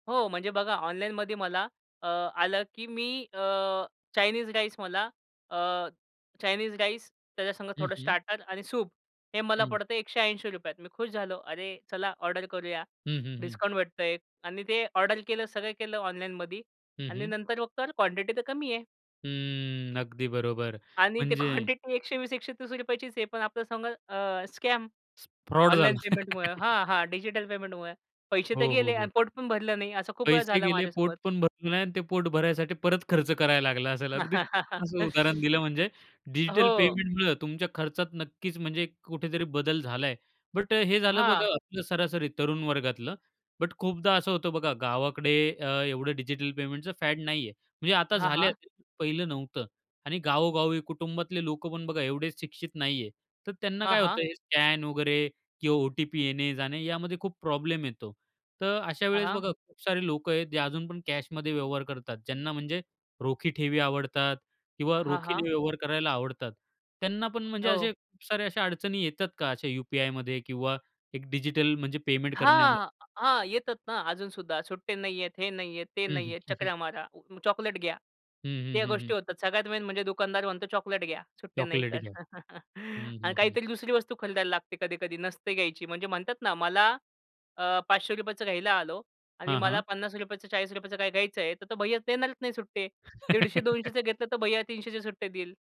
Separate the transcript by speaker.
Speaker 1: हो, म्हणजे बघा ऑनलाईनमध्ये मला अ, आलं की मी अ, चायनीज राईस मला अ, चायनीज राईस, त्याच्या संगत
Speaker 2: हं,
Speaker 1: थोडं
Speaker 2: हं.
Speaker 1: स्टार्टर आणि सूप हे मला
Speaker 2: हं.
Speaker 1: पडतं आहे ₹180 त. मी खुश झालो. अरे! चला ऑर्डर करूया.
Speaker 2: हं, हं, हं.
Speaker 1: डिस्काउंट भेटतं आहे आणि ते ऑर्डर केलं, सगळं केलं ऑनलाईनमध्ये
Speaker 2: हं,
Speaker 1: आणि
Speaker 2: हं.
Speaker 1: नंतर मग तर क्वांटिटी तर कमी आहे.
Speaker 2: हम्म. अगदी बरोबर.
Speaker 1: आणि ते
Speaker 2: म्हणजे
Speaker 1: क्वांटिटी ₹120-₹130 चीच आहे. पणआपल्या संग अ स्कॅम,
Speaker 2: स फ्रॉड
Speaker 1: ऑनलाईन
Speaker 2: झाला.
Speaker 1: पेमेंट मुळं. हां, हां, डिजिटल पेमेंटमुळे पैसे तर
Speaker 2: हो, हो,
Speaker 1: गेले आणि
Speaker 2: हो.
Speaker 1: पोट पण भरलं नाही, असं खूप वेळा
Speaker 2: पैसे
Speaker 1: झाला
Speaker 2: गेले, पोट
Speaker 1: माझ्यासोबत.
Speaker 2: पण भरलं नाही आणि ते पोट भरायसाठी परत खर्च करायला लागला असेल. अगदी छान असं उदाहरण दिलं, म्हणजे डिजिटल
Speaker 1: हो.
Speaker 2: पेमेंटन तुमच्या खर्चात नक्कीच म्हणजे कुठेतरी बदल झाला आहे. बट हे झालं बघा
Speaker 1: हां.
Speaker 2: आपलं सरासरी तरुण वर्गातलं. बट खूपदा असं होतं बघा गावाकडे अ, एवढं डिजिटल पेमेंटचं फॅड नाही आहे. म्हणजे आता
Speaker 1: हां,
Speaker 2: झालं
Speaker 1: हां.
Speaker 2: असतील, पहिलं नव्हतं. आणि गावोगावी कुटुंबातले लोक पण बघा एवढेच शिक्षित नाही आहे. तर त्यांना
Speaker 1: हां,
Speaker 2: काय
Speaker 1: हां.
Speaker 2: होतं हे स्कॅन वगैरे किंवा ओ-टी-पी येणे-जाणे यामध्ये खूप प्रॉब्लेम येतो. तर अशा
Speaker 1: हां,
Speaker 2: वेळेस
Speaker 1: हां.
Speaker 2: बघा खूप सारे लोकं आहेत, जे अजून पण कॅशमध्ये व्यवहार करतात. ज्यांना म्हणजे रोखी ठेवी आवडतात किंवा
Speaker 1: हां, हां.
Speaker 2: रोखीने व्यवहार करायला आवडतात. त्यांना पण म्हणजे
Speaker 1: हो.
Speaker 2: असे खूप साऱ्या अशा अडचणी येतात का अशा यू-पी-आयमध्ये? किंवा एक डिजिटल म्हणजे पेमेंट करण्यामध्ये?
Speaker 1: हां, हां. येतात ना अजून सुद्धा सुट्टे नाही आहेत, हे नाही आहेत, ते
Speaker 2: हं,
Speaker 1: नाही
Speaker 2: हं.
Speaker 1: आहेत. चकरा मारा, चॉकलेट घ्या.
Speaker 2: हं, हं,
Speaker 1: त्या
Speaker 2: हं,
Speaker 1: गोष्टी
Speaker 2: हं.
Speaker 1: होतात. सगळ्यात मेन म्हणजे दुकानदार म्हणतो, "चॉकलेट घ्या, सुट्टे नाही
Speaker 2: चॉकलेट
Speaker 1: तर".
Speaker 2: घ्या. हं,
Speaker 1: आणि
Speaker 2: हं, हं.
Speaker 1: काहीतरी दुसरी वस्तू खरीद्ययला लागते कधी-कधी, नसते घ्यायची. म्हणजे म्हणतात ना मला अ, ₹500 चं घ्यायला आलो आणि
Speaker 2: हां,
Speaker 1: मला
Speaker 2: हां.
Speaker 1: ₹50 चं, ₹40 चं काही घ्यायचं आहे, तर तो भैय्या देणारच नाही सुट्टे. दीडशे दोनशेच घेतलं तर भैय्या 300चे सुट्टे देईल.